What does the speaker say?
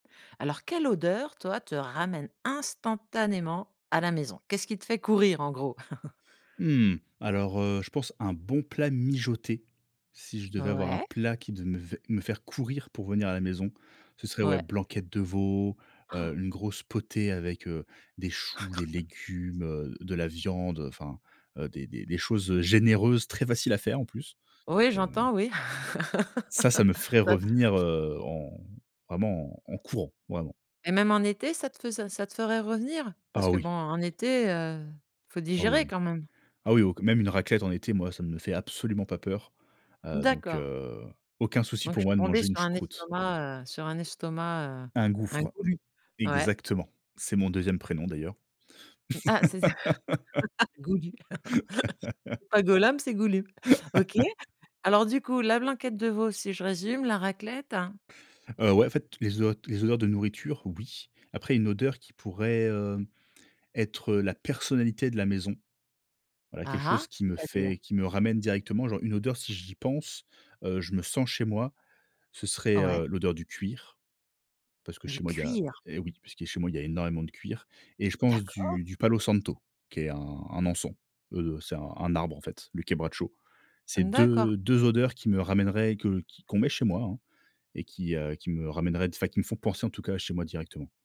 Alors, quelle odeur, toi, te ramène instantanément à la maison? Qu'est-ce qui te fait courir, en gros? Mmh. Alors, heu, je pense un bon plat mijoté si je devais avoir un Ouais. plat qui devait me faire courir pour venir à la maison, ce serait, ouais, Ouais. blanquette de veau, Han! heu, une grosse potée avec, heu, des choux, des légumes, heu, de la viande, heu, enfin, heu, des des des choses généreuses, très faciles à faire en plus Oui, mais heu j'entends, oui. Ca, ça me ferait ça revenir, heu, en vraiment en courant. Vraiment. Et même en été, ça te faisait ca te ferait revenir? Parce Ah que, bon, oui! en été, heu, faut Ah oui, digérer oui. quand même. Ah, oui au q même une raclette en été, moi, ça ne me fait absolument pas peur. Heu, donc D'accord. heu, aucun souci Donc je pour suis moi de tombée manger une sur un choucroute. estomac, heu sur un estomac, heu Un un gouffre. goulu, ouais. Exactement. C'est mon 2e prénom d'ailleurs. Ah, c'est ça, Goulu. C'est pas Golom, c'est Goulu. OK. Alors, du coup, la blanquette de veau, si je résume, la raclette, heu Heu, ouais, en fait, les odeurs les odeurs de nourriture, oui. Après, une odeur qui pourrait, heu, être la personnalité de la maison. Voilà quelque Ah chose ah! qui me C'est-à-dire? fait qui me ramène directement, genre, une odeur, si j'y pense, heu, je me sens chez moi, ce serait, Ouais. heu, l'odeur du cuir, parce que Du chez moi, il y a cuir? et oui, puisque chez moi, il y a énormément de cuir et je pense D'accord? du du palo santo qui est un un encens, heu, c'est un un arbre, en fait, le kebracho. C'est D'accord. 2- 2 odeurs qui me ramèneraient, que qui qu'on met chez moi, hein et qui, heu et qui me ramèneraient, enfin qui me font penser, en tout cas, à chez moi directement.